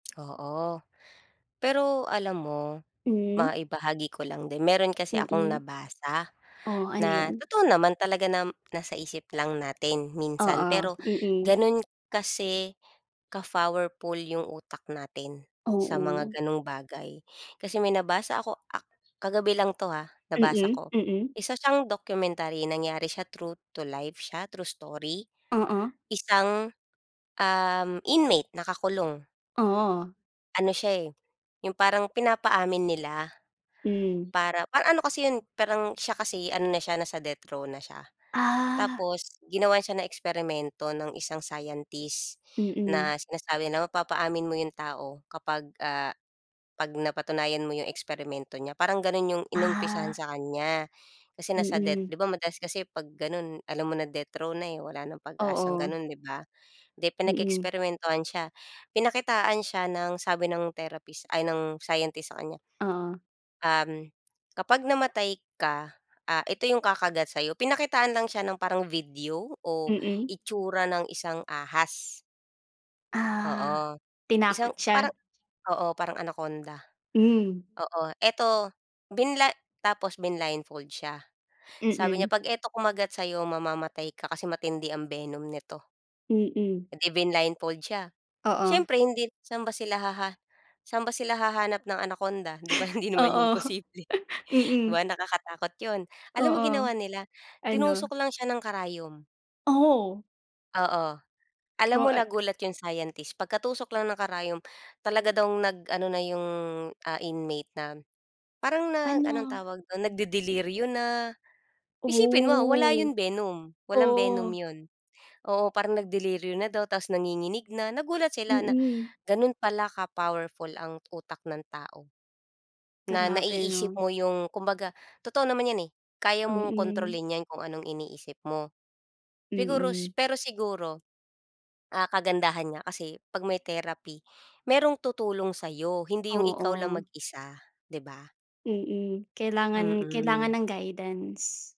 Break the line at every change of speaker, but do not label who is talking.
Oo. Pero alam mo
Hmm.
maibahagi ko lang din, meron kasi akong
Mm.
nabasa
Oh, ano
na
'yan?
totoo naman talaga nam nasa isip lang natin minsan,
Oo,
pero
mm.
ganun kasi ka-powerful yung utak natin sa mga
Oo.
gano'ng bagay. Kasi may nabasa ako ak kagabi lang 'to ha, nabasa
Mm,
ko.
mm.
Isa siyang documentary nangyari siya true to life siya, true story.
Oo.
Isang, um, inmate nakakulong.
Oh.
Ano siya, eh, yung parang pinapaamin nila
Hmm.
para pa ano kasi 'yon, parang siya kasi ano na siya, nasa death row na siya.
Ah.
Tapos ginawan siya ng eksperimento ng isang scientist
Mm.
na sinasabi na mapapaamin mo 'yong tao kapag, ah, 'pag napatunayan mo 'yong eksperimento niya, parang gano'n 'yong inumpisahan
Ah.
sa kanya. Kasi nasa death
Mm.
'di ba madalas kasi 'pag gano'n alam mo na death row na, eh, wala ng pag-asang
Oo.
gano'n, 'di ba? Di
Mm.
pinag-eksperimentuhan siya. Pinakitaan siya ng sabi ng therapist ay ng scientist sa kanya
Oo.
um, kapag namatay ka, ah, ito yung kakagat sa'yo. Pinakitaan lang siya ng parang video o
Mm.
itsura ng isang ahas.
Ah.
Oo.
Tinakot
Isang
siya.
parang oo, parang Anaconda.
Hmm.
Oo. Ito binla tapos blinildfold siya. Sabi niya
Mm.
'pag ito kumagat sa'yo mamamatay ka kasi matindi ang venom nito.
Mm.
Eh, di blinildfold siya.
Oo.
Siyempre hindi saan ba sila haha saan ba sila hahanap ng Anaconda, 'di ba, hindi naman 'yon
Oo,
posible. 'Di
mm.
ba nakakatakot 'yon. Alam mo
Oo.
ginawa nila,
Ano?
tinusok lang siya ng karayom.
Oh.
Oo. Alam
Oh,
mo
ah
nagulat 'yong scientist. Pagkatusok lang ng karayom talaga daw nag-ano na 'yong, ah, inmate nam parang nag anong
Ano?
tawag dun, nagdedeliryo na. Isipin mo wala
Ow,
'yong venom, walang venom
oh.
'yon. Oo, parang nagdeliryo na daw ta's nanginginig na. Nagulat sila na
Mm.
ganun pala ka-powerful ang utak ng tao. Na
Grabe
naiisip
'no.
mo yung kumbaga totoo naman 'yan, eh. Kaya mong
Mm.
kontrolin 'yan kung anong iniisip mo. Siguro s
Mm.
pero siguro, ah, kagandahan niya kasi 'pag may therapy, merong tutulong sa'yo, hindi yung ikaw lang
Oo.
mag-isa, 'di ba?
Mm, kailangan kailangan
Mm.
ng guidance.